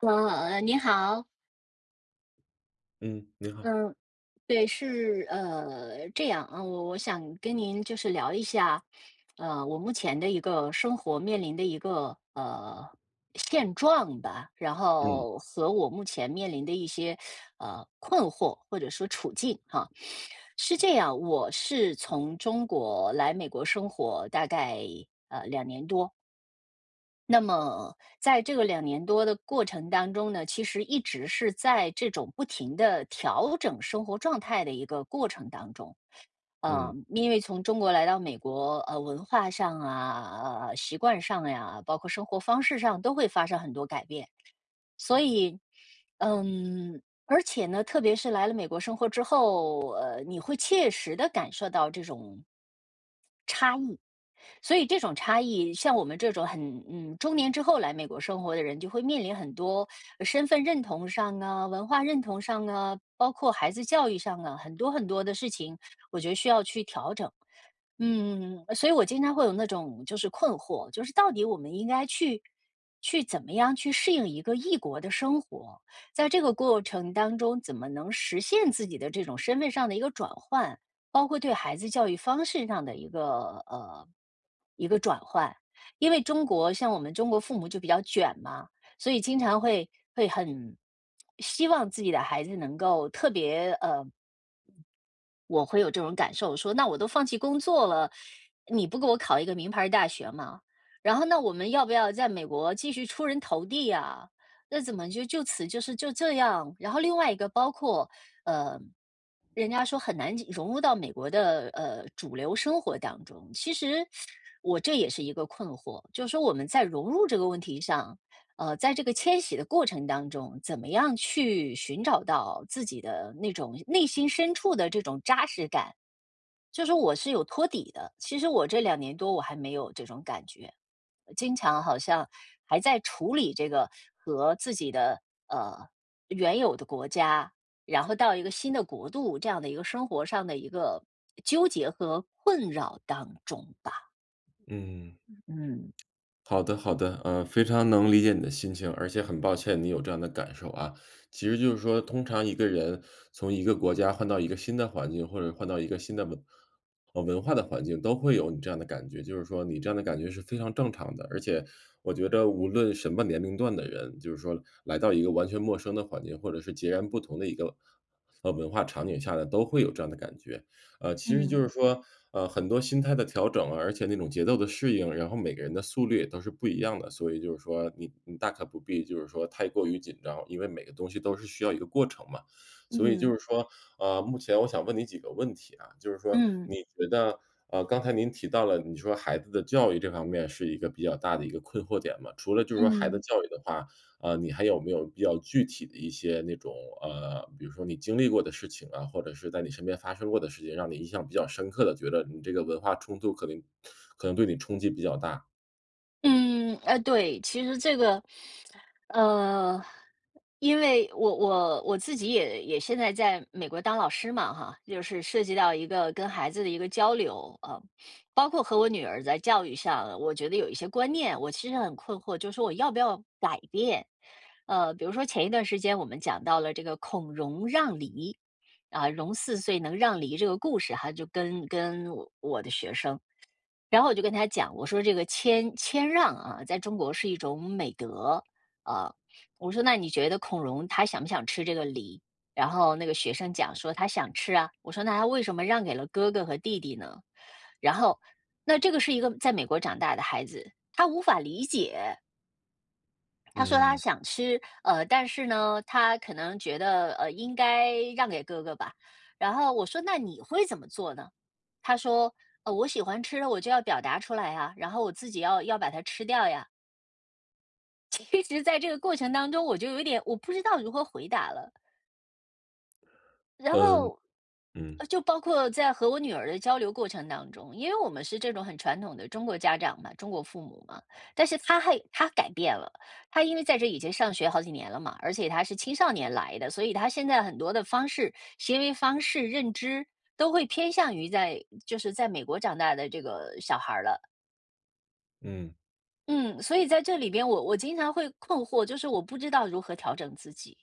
啊，你好。嗯，您好。嗯，对，是呃，这样啊，我我想跟您就是聊一下，呃，我目前的一个生活面临的一个，呃，现状吧。然嗯。后和我目前面临的一些，呃，困惑或者说处境哈。是这样，我是从中国来美国生活大概呃，2年多。那么在这个2年多的过程当中呢，其实一直是在这种不停地调整生活状态的一个过程当中。呃，嗯。因为从中国来到美国，呃，文化上啊、呃，习惯上呀、包括生活方式上都会发生很多改变。所以嗯，而且呢，特别是来了美国生活之后，呃，你会切实地感受到这种，差异，所以这种差异，像我们这种很嗯，中年之后来美国生活的人就会面临很多 身份认同上啊、文化认同上啊、包括孩子教育上啊，很多很多的事情，我觉得需要去调整。嗯，所以我经常会有那种就是困惑，就是到底我们应该去去怎么样去适应一个异国的生活？在这个过程当中，怎么能实现自己的这种身份上的一个转换？包括对孩子教育方式上的一个呃，一个转换，因为中国像我们中国父母就比较卷嘛，所以经常会会很 希望自己的孩子能够特别呃，我会有这种感受说：“那我都放弃工作了，你不给我考一个名牌儿大学吗？然后那我们要不要在美国继续出人头地呀？那怎么就就此就是就这样？”然后另外一个包括 呃，人家说很难进融入到美国的呃，主流生活当中，其实 我这也是一个困惑，就是说我们在融入这个问题上，呃，在这个迁徙的过程当中，怎么样去寻找到自己的那种内心深处的这种扎实感？就是说我是有托底的，其实我这2年多我还没有这种感觉，经常好像还在处理这个和自己的呃，原有的国家，然后到一个新的国度，这样的一个生活上的一个纠结和困扰当中吧。嗯。嗯嗯。好的好的。呃，非常能理解你的心情。而且很抱歉你有这样的感受啊。其实就是说通常一个人从一个国家换到一个新的环境，或者换到一个新的文文化的环境都会有你这样的感觉。就是说你这样的感觉是非常正常的。而且我觉得无论什么年龄段的人，就是说，来到一个完全陌生的环境，或者是截然不同的一个，呃呃，文化场景下呢，都会有这样的感觉。呃，其实就嗯。是说，呃，很多心态的调整啊，而且那种节奏的适应，然后每个人的速率也都是不一样的。所以就是说你你大可不必就是说太过于紧张，因为每个东西都是需要一个过程嘛。所以就嗯。是说，呃，目前我想问你几个问题啊。就是说嗯。你觉得呃，刚才您提到了，你说孩子的教育这方面是一个比较大的一个困惑点嘛。除了就是说孩子嗯。教育的话，呃，你还有没有比较具体的一些那种，呃，比如说你经历过的事情啊，或者是在你身边发生过的事情，让你印象比较深刻的觉得你这个文化冲突可能 可能对你冲击比较大。嗯，呃对。其实这个呃，因为我我我自己也也现在在美国当老师嘛哈，就是涉及到一个跟孩子的一个交流，啊，包括和我女儿在教育上，我觉得有一些观念，我其实很困惑，就是说我要不要改变。呃，比如说前一段时间我们讲到了这个“孔融让梨”，啊，“融四岁能让梨”这个故事哈，就跟跟我我的学生。然后我就跟他讲，我说这个谦谦让啊，在中国是一种美德，啊，我说那你觉得孔融他想不想吃这个梨，然后那个学生讲说他想吃啊，我说那他为什么让给了哥哥和弟弟呢？然后那这个是一个在美国长大的孩子，他无法理解。他说他嗯。想吃，呃，但是呢，他可能觉得呃，应该让给哥哥吧。然后我说那你会怎么做呢？他说：“呃，我喜欢吃了我就要表达出来呀，然后我自己要要把它吃掉呀。”其实在这个过程当中，我就有一点我不知道如何回答了。然呃，后，嗯。就包括在和我女儿的交流过程当中，因为我们是这种很传统的中国家长嘛、中国父母嘛，但是她还她改变了。她因为在这已经上学好几年了嘛，而且她是青少年来的，所以她现在很多的方式行为方式、认知，都会偏向于在就是在美国长大的这个小孩儿了。嗯。嗯，所以在这里边我我经常会困惑，就是我不知道如何调整自己。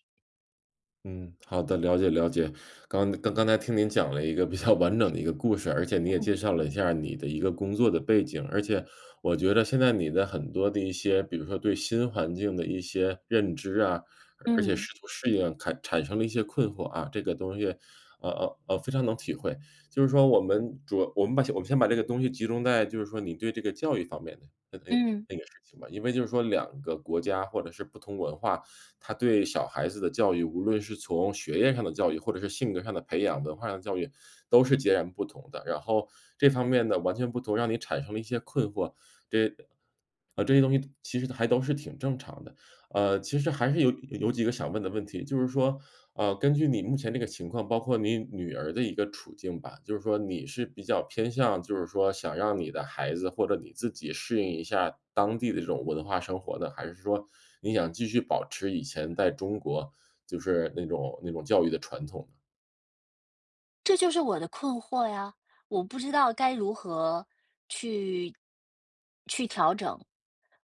嗯，好的，了解了解。刚刚刚才听您讲了一个比较完整的一个故事，而且你嗯也介嗯。绍了一下儿你的一个工作的背景。而且我觉得现在你的很多的一些比如说对新环境的一些认知啊，而而且嗯。试图适应坎产生了一些困惑啊，这个东西呃呃呃，非常能体会。就是说我们主要我们把我们先把这个东西集中在就是说你对这个教育方面的那那嗯。那个事情吧。因为就是说两个国家或者是不同文化，它对小孩子的教育，无论是从学业上的教育，或者是性格上的培养、文化上的教育都是截然不同的。然后这方面的完全不同，让你产生了一些困惑，对啊这些东西其实还都是挺正常的。呃，其实还是有有有几个想问的问题。就是说，呃，根据你目前这个情况，包括你女儿的一个处境吧，就是说你是比较偏向，就是说想让你的孩子或者你自己适应一下当地的这种文化生活呢，还是说你想继续保持以前在中国就是那种那种教育的传统呢？这就是我的困惑呀，我不知道该如何去去调整。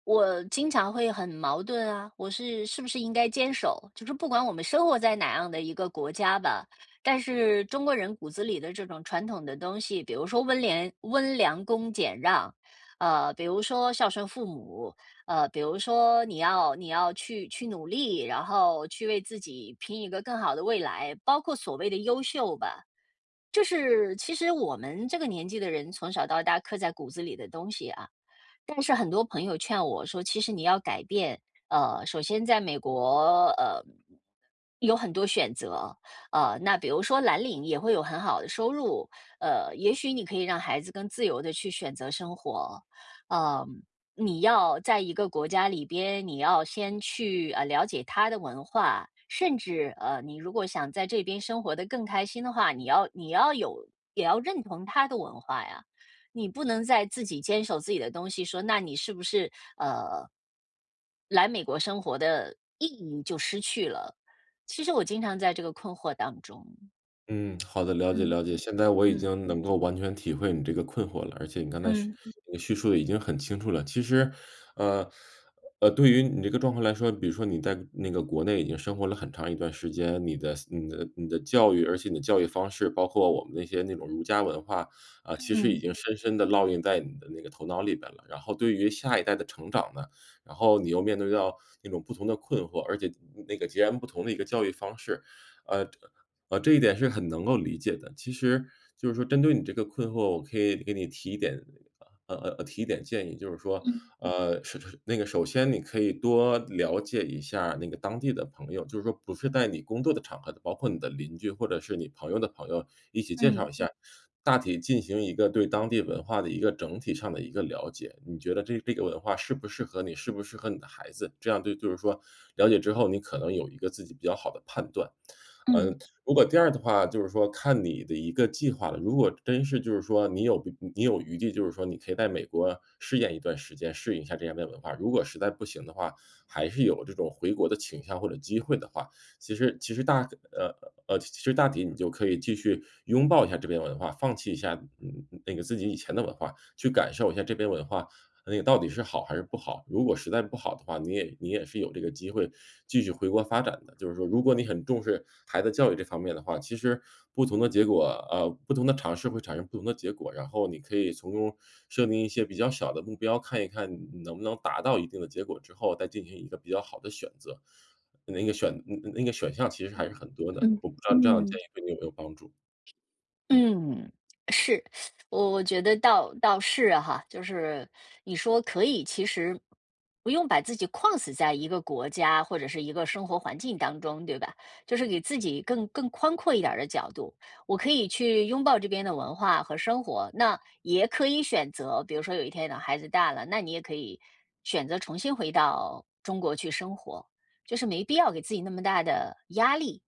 我经常会很矛盾啊，我是是不是应该坚守？就是不管我们生活在哪样的一个国家吧，但是中国人骨子里的这种传统的东西，比如说温廉温良恭俭让，呃，比如说孝顺父母，呃，比如说你要你要去去努力，然后去为自己拼一个更好的未来，包括所谓的优秀吧。就是其实我们这个年纪的人从小到大刻在骨子里的东西啊。但是很多朋友劝我说：“其实你要改变。呃，首先在美国，呃，有很多选择。呃，那比如说蓝领也会有很好的收入，呃，也许你可以让孩子更自由地去选择生活。嗯，你要在一个国家里边，你要先去，呃，了解它的文化，甚至，呃，你如果想在这边生活得更开心的话，你要你要有也要认同它的文化呀。你不能再自己坚守自己的东西。”说：“那你是不是，呃”“来美国生活的意义就失去了。”其实我经常在这个困惑当中。嗯，好的，了解嗯，了解，现在我已嗯。经能够完全体会你这个困惑了，而且你刚才叙嗯。叙述得已经很清楚了，其实，呃呃，对于你这个状况来说，比如说你在那个国内已经生活了很长一段时间，你的思你的你的教育，而且你的教育方式，包括我们那些那种儒家文化啊，其实已嗯。经深深地烙印在你的那个头脑里边了，然后对于下一代的成长呢，然后你又面对到那种不同的困惑，而且那那个截然不同的一个教育方式。呃这呃，这一点是很能够理解的，其实就是说针对你这个困惑，我可以给你提一点呃呃呃，提一点建议，就是说，嗯。呃，首首那个首先你可以多了解一下那个当地的朋友，就是说不是在你工作的场合的，包括你的邻居或者是你朋友的朋友，一起介绍嗯。一下，大体进行一个对当地文化的一个整体上的一个了解，你觉得这这个文化适不适合你，适不适合你的孩子，这样对就是说了解之后，你可能有一个自己比较好的判断。嗯。嗯，如果第二的话就是说看你的一个计划了，如果真是就是说你有你有余地，就是说你可以在美国试验一段时间，适应一下这样的文化，如果实在不行的话，还是有这种回国的倾向或者机会的话，其实其实大呃呃，其实大体你就可以继续拥抱一下这边文化，放弃一下，嗯嗯嗯，那那个自己以前的文化，去感受一下这边文化，那个到底是好还是不好。如果实在不好的话，你也你也是有这个机会 继续回国发展的，就是说如果你很重视孩子教育这方面的话，其实不同的结果呃，不同的尝试会产生不同的结果，然后你可以从中设定一些比较小的目标，看一看能不能达到一定的结果之后再进行一个比较好的选择，那个选那那个选项其实还是很多的，嗯我不知道你这样的嗯。建议对你有没有帮助。嗯，是。我我觉得倒倒是哈。就是 你说可以其实，不用把自己框死在一个国家或者是一个生活环境当中，对吧？就是给自己更更宽阔一点儿的角度。我可以去拥抱这边的文化和生活，那也可以选择，比如说有一天等孩子大了，那你也可以选择重新回到中国去生活。就是没必要给自己那么大的压力，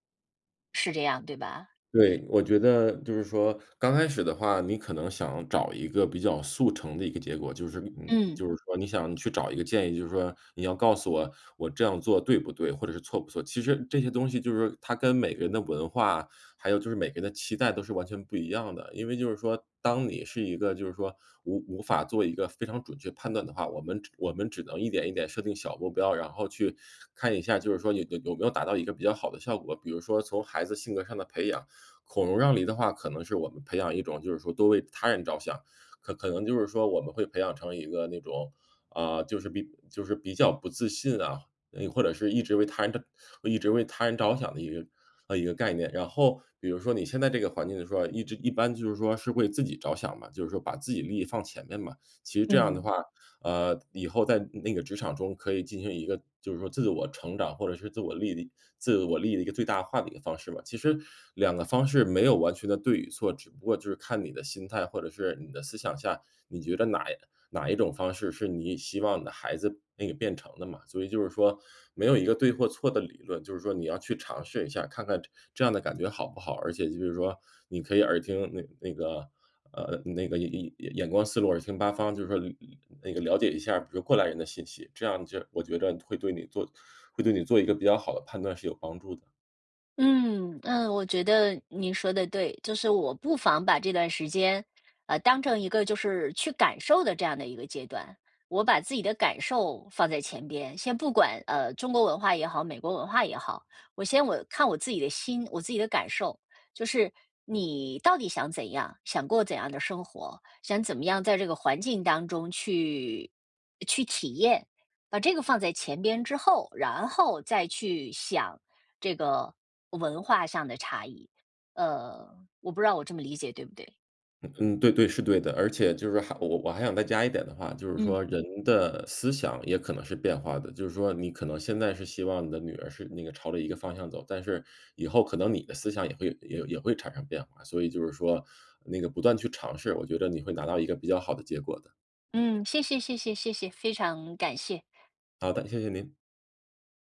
是这样对吧？对，我觉得就是说刚开始的话，你可能想找一个比较速成的一个结果。就是嗯，嗯。就是说你想去找一个建议，就是说你要告诉我，我这样做对不对，或者是错不错。其实这些东西就是说它跟每个人的文化，还有就是每个人的期待都是完全不一样的。因为就是说当你是一个就是说无无法做一个非常准确判断的话，我们我们只能一点一点设定小目标，然后去看一下，就是说你有有没有达到一个比较好的效果。比如说，从孩子性格上的培养“孔融让梨”的话，可能是我们培养一种就是说，多为他人着想，可可能就是说我们会培养成一个那种啊，就是比就是比较不自信啊，诶，或者是一直为他人的一直为他人着想的一个呃，一个概念。然后比如说你现在这个环境的时候，一直一般就是说是为自己着想嘛，就是说把自己利益放前面嘛。其实这样的嗯。话，呃，以后在那那个职场中可以进行一个就是说自我成长或者是自我利益的自我利益的一个最大化的一个方式嘛。其实两个方式没有完全的对与错，只不过就是看你的心态，或者是你的思想下，你觉得哪一哪一种方式是你希望的孩子可以变成的嘛。所以就是说没有一个对或错的理论，就是说你要去尝试一下，看看这这样的感觉好不好，而且就是说你可以耳听那个那个呃，那个眼眼眼观四路，耳听八方，就是说了了那个了解一下比如过来人的信息。这样就我觉嗯。得会对你做会对你做一个比较好的判断是有帮助的。嗯，嗯，我觉得你说得对。就是我不妨把这段时间呃当成一个就是去感受的这样的一个阶段。我把自己的感受放在前边，先不管呃，中国文化也好，美国文化也好。我先我看我自己的心、我自己的感受。就是你到底想怎样，想过怎样的生活，想怎么样在这个环境当中去去体验。把这个放在前边之后，然后再去想这个文化上的差异。呃，我不知道我这么理解对不对？嗯嗯，对对，是对的。而且就是还我我还想再加一点的话，就是嗯。说人的思想也可能是变化的。就是说你可能现在是希望你的女儿是那个朝着一个方向走，但是以后可能你的思想也会有也也会产生变化。所以就是说那个不断去尝试，我觉得你会拿到一个比较好的结果的。嗯，谢谢谢谢谢谢，非常感谢。好的，谢谢您。